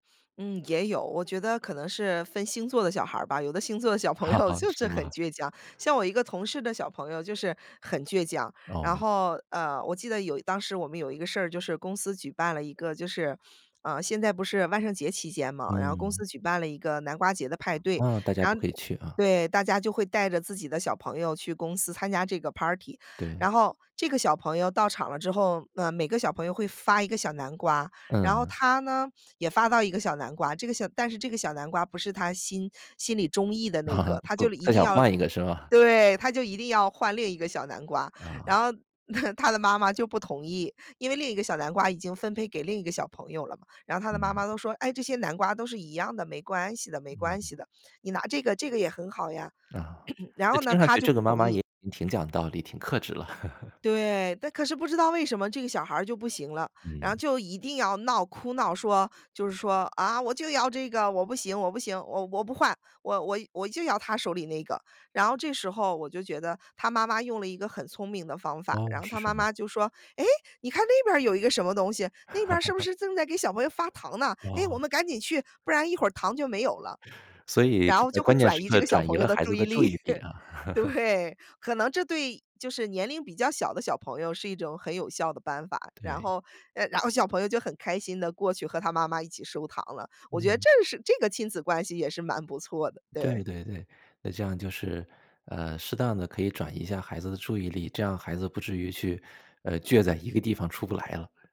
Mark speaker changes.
Speaker 1: 嗯，也有，我觉得可能是分星座的小孩儿吧，有的星座的小朋友 就
Speaker 2: 是
Speaker 1: 是很
Speaker 2: 吗？
Speaker 1: 倔强，像我一个同事的小朋友就是很倔强。然
Speaker 2: 哦。
Speaker 1: 后，呃，我记得有一当时我们有一个事儿就是公司举办了一个就是呃，现在不是万圣节期间嘛，然后公
Speaker 2: 嗯。
Speaker 1: 司举办了一个南瓜节的派对。
Speaker 2: 啊，大家
Speaker 1: 然
Speaker 2: 都
Speaker 1: 后
Speaker 2: 可以去啊。
Speaker 1: 对，大家就会带着自己的小朋友去公司参加这个 party。
Speaker 2: 对。
Speaker 1: 然后这个小朋友到场了之后，呃，每个小朋友会发一个小南瓜，然后
Speaker 2: 嗯。
Speaker 1: 他呢，也发到一个小南瓜，这个小但是这个小南瓜不是他心心里中意的那 个，他就
Speaker 2: 不
Speaker 1: 一
Speaker 2: 他
Speaker 1: 定
Speaker 2: 想
Speaker 1: 要
Speaker 2: 换一个是吗？
Speaker 1: 对，他就一定要换另一个小南瓜，
Speaker 2: 啊。
Speaker 1: 然后，他的妈妈就不同意，因为另一个小南瓜已经分配给另一个小朋友了嘛。然后他的妈
Speaker 2: 嗯。
Speaker 1: 妈都说：“哎，这些南瓜都是一样的，没关系的没关
Speaker 2: 嗯。
Speaker 1: 系的，你拿这个，这个也很好呀。
Speaker 2: 啊，
Speaker 1: “然
Speaker 2: 那
Speaker 1: 后呢，
Speaker 2: 听上
Speaker 1: 他
Speaker 2: 去
Speaker 1: 就
Speaker 2: 这
Speaker 1: 不
Speaker 2: 个妈
Speaker 1: 同
Speaker 2: 妈也
Speaker 1: 意。
Speaker 2: 已经挺讲道理，挺克制了。
Speaker 1: 对，但可是不知道为什么这个小孩儿就不行了，然后
Speaker 2: 嗯。
Speaker 1: 就一定要闹哭闹，说就是说：“啊，我就要这个，我不行我不行，我我不换，我我我就要他手里那个。”然后这时候我就觉得，他妈妈用了一个很聪明的方法，
Speaker 2: 哦，
Speaker 1: 然后
Speaker 2: 是
Speaker 1: 他
Speaker 2: 什
Speaker 1: 妈
Speaker 2: 么？
Speaker 1: 妈就说：“哎，你看那边儿有一个什么东西，那边儿是不 是正在给小朋友发糖呢，哎，我
Speaker 2: 哇。
Speaker 1: 们赶紧去，不然一会儿糖就没有了。
Speaker 2: 所以，
Speaker 1: “然后
Speaker 2: 呃，
Speaker 1: 就会
Speaker 2: 关键
Speaker 1: 转
Speaker 2: 时
Speaker 1: 移这
Speaker 2: 刻
Speaker 1: 个小
Speaker 2: 转移
Speaker 1: 朋友
Speaker 2: 了
Speaker 1: 的
Speaker 2: 孩
Speaker 1: 注
Speaker 2: 子
Speaker 1: 意
Speaker 2: 的注
Speaker 1: 力，
Speaker 2: 意力啊。
Speaker 1: 对，可能这对就是年龄比较小的小朋友，是一种很有效的办法，然
Speaker 2: 对。
Speaker 1: 后哎，然后小朋友就很开心地过去和他妈妈一起收糖了，我觉得
Speaker 2: 嗯。
Speaker 1: 这是这个亲子关系也是蛮不错的，对。
Speaker 2: 对对对，那这样就是，呃，适当地可以转移一下孩子的注意力，这样孩子不至于去呃，倔在一个地方出不来了。